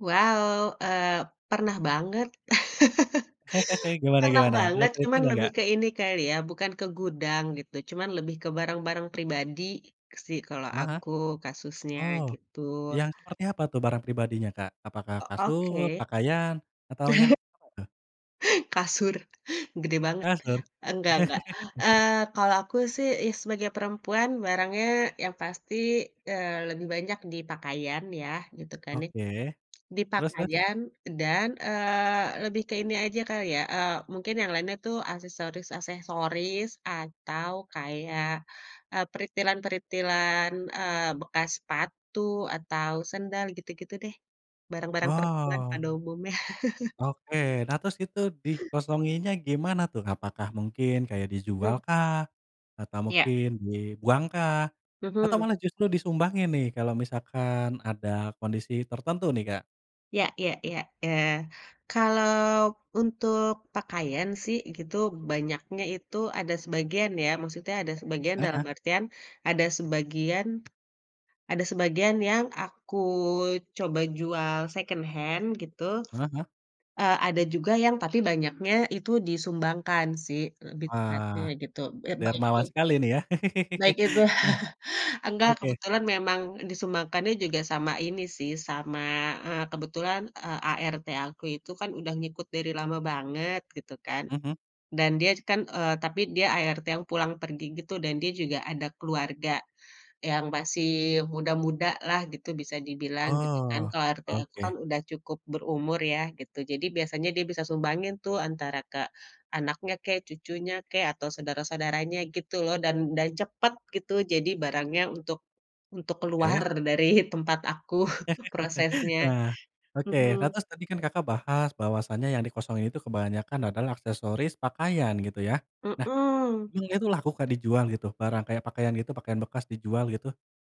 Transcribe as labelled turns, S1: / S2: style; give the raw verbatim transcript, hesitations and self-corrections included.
S1: Wow, eee, pernah banget
S2: Gimana
S1: pernah
S2: gimana, ada
S1: banget, cuman
S2: ceritanya
S1: lebih
S2: enggak?
S1: ke ini kali ya, bukan ke gudang gitu, cuman lebih ke barang-barang pribadi sih kalo
S2: Heeh.
S1: aku kasusnya
S2: Oh,
S1: gitu.
S2: yang seperti apa tuh barang pribadinya, Kak? Apakah
S1: Ok
S2: kasur,
S1: oke.
S2: pakaian, atau yang apa tuh?
S1: Kasur gede banget,
S2: Kasur?
S1: enggak enggak. Eee, kalau aku sih ya sebagai perempuan barangnya yang pasti, eee, lebih banyak di pakaian ya gitu kan ya.
S2: Oke. Terus terus?
S1: Dipakaian dan, eee, lebih ke ini aja kali ya, eee, mungkin yang lainnya tuh aksesoris-aksesoris atau kayak, eee, peritilan-peritilan, eee, bekas sepatu atau sendal gitu-gitu deh, barang-barang perempuan
S2: Wow.
S1: pada umumnya.
S2: Oke, nah, terus itu dikosonginnya gimana tuh? Apakah mungkin kayak
S1: Mmm.
S2: dijualkah? Atau
S1: Iya.
S2: mungkin dibuangkah? Atau
S1: Mhm.
S2: malah justru disumbangin nih kalau misalkan ada kondisi tertentu nih, Kak?
S1: Ya ya ya. Eee, kalau untuk pakaian sih gitu banyaknya itu ada sebagian ya, maksudnya ada sebagian dalam
S2: Heeh.
S1: artian ada sebagian ada sebagian yang aku coba jual second hand gitu,
S2: Heeh.
S1: eee, ada juga yang tapi banyaknya itu disumbangkan sih lebih tepatnya
S2: Wah,
S1: gitu eee, baik itu
S2: dermawan sekali nih ya.
S1: baik itu
S2: Eh
S1: enggak,
S2: oke.
S1: kebetulan memang disumbangkannya juga sama ini sih sama, eee, kebetulan, eee, A-R-T aku itu kan udah ngikut dari lama banget gitu kan.
S2: Mhm.
S1: Dan dia kan, eee, tapi dia A-R-T yang pulang-pergi gitu dan dia juga ada keluarga yang masih muda-mudalah gitu bisa dibilang gitu kan.
S2: Oh.
S1: Kalau A-R-T aku kan
S2: Oke.
S1: udah cukup berumur ya gitu. Jadi biasanya dia bisa sumbangin tuh antara ke anaknya kek, cucunya kek, atau saudara-saudaranya gitu loh. Dan dan cepet gitu jadi barangnya untuk untuk keluar
S2: Oke.
S1: dari tempat aku prosesnya.
S2: Wah, oke. Nah,
S1: Mhm.
S2: terus tadi kan Kakak bahas bahwasanya yang dikosongin itu kebanyakan adalah aksesoris pakaian gitu ya. Nah,
S1: Mmm.
S2: emang itu laku Kak dijual gitu? Barang kayak pakaian gitu, pakaian bekas dijual gitu?